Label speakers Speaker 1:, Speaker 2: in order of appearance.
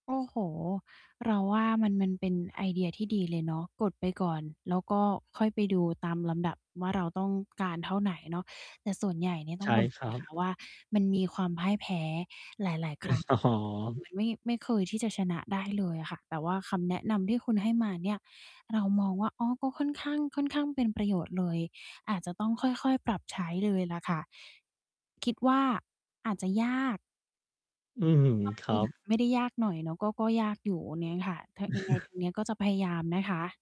Speaker 1: โอ้โฮ เราว่ามัน มันเป็นไอเดียที่ดีเลยเนาะ กดไปก่อน แล้วก็ค่อยไปดูตามลำดับว่า เราต้องการเท่าไหน? เนาะ แต่ส่วนใหญ่เนี่ยต้
Speaker 2: ใช
Speaker 1: อง
Speaker 2: ่
Speaker 1: บอก
Speaker 2: คร
Speaker 1: เล
Speaker 2: ั
Speaker 1: ย
Speaker 2: บ
Speaker 1: ค่ะ ว่า มันมีความพ่ายแพ้
Speaker 2: อ๋
Speaker 1: หลาย ๆ ครั้ง คือ
Speaker 2: อ
Speaker 1: มัน ไม่ ไม่เคยที่จะชนะได้เลยอะค่ะ แต่ว่าคำแนะนำที่คุณให้มาเนี่ย เรามองว่า อ๋อ ก็ค่อนข้าง ค่อนข้างเป็นประโยชน์เลย อาจจะต้องค่อย ๆ ปรับใช้เลยแหละค่ะ คิดว่าอาจจะยาก
Speaker 2: อื้อ
Speaker 1: ม
Speaker 2: ฮือ
Speaker 1: าก
Speaker 2: ค
Speaker 1: ๆ เ
Speaker 2: ร
Speaker 1: ล
Speaker 2: ั
Speaker 1: ยแหล
Speaker 2: บ
Speaker 1: ะ ไม่ได้ยากหน่อยเนาะ ก็ ก็ยากอยู่ โอ้ เนี้ยค่ะ ถะ ยังไง ทางเนี้ยก็จะพยายามนะคะ